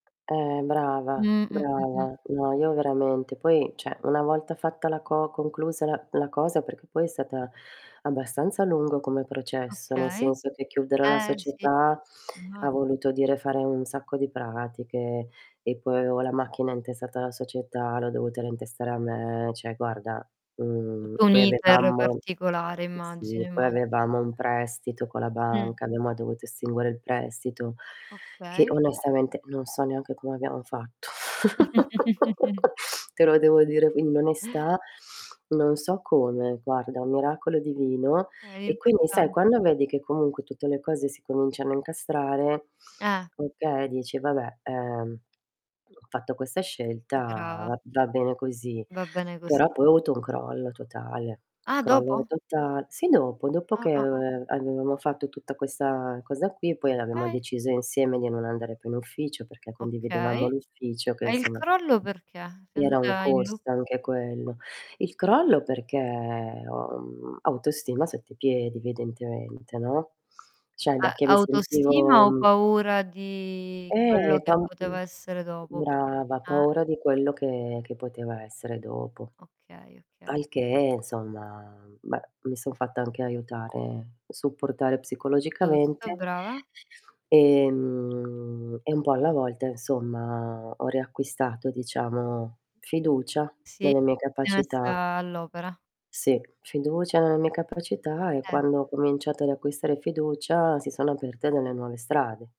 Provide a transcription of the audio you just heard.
Eh, brava, Mh. Mh. Mh. Mh. brava. No, io veramente. Poi, cioè una volta fatta la co conclusa la la cosa perché poi è stata abbastanza lungo come processo, nel Okay. senso che chiudere la Eh, sì, società ha immagi voluto dire fare un sacco di pratiche. E, poi avevo la macchina intestata alla società, l'ho dovuta reintestare a me, cioè, guarda mhmm, Tutto un poi inter avevamo particolare, immagino, Sì, poi immagi avevamo un prestito con la Mh. banca, abbiamo dovuto estinguere il prestito che Okay. onestamente non so neanche come abbiamo fatto. Te lo devo dire in onestà, non so come, guarda, un miracolo divino, Eh, è e quindi sai importan quando vedi che comunque tutte le cose si cominciano a incastrare, Eh. okay, dici: "Vabbè, ehm, ho fatto questa scelta, Brava. va va bene così.", Va bene così. però poi ho avuto un crollo totale. Ah, Crollo dopo? total Sì, dopo dopo Ah, che ah, ah. aveva avevamo fatto tutta questa cosa qui, poi l'abbiamo Okay. deciso insieme di non andare più in ufficio, perché Okay. condividevamo l'ufficio che, E il insomma, crollo perché? Sei era un andata in loop? costo anche quello. Il crollo perché ho, mhmm, autostima sotto ai piedi evidentemente, no, cioè A da che mi autostima o sentivo paura di quello Eh, che poteva tantiss essere dopo? Perché Brava, Eh. paura di quello che che poteva essere dopo. Okay, okay. Al che, insomma beh, mi son fatta anche aiutare, supportare Giusto, psicologicamente. brava. Ehm, e un po' alla volta insomma, ho riacquistato, diciamo, fiducia Sì, nelle mie ti sei capacità. messa all'opera. Sì, fiducia nelle mie capacità, e Eh. quando ho cominciato ad acquistare fiducia si sono aperte delle nuove strade.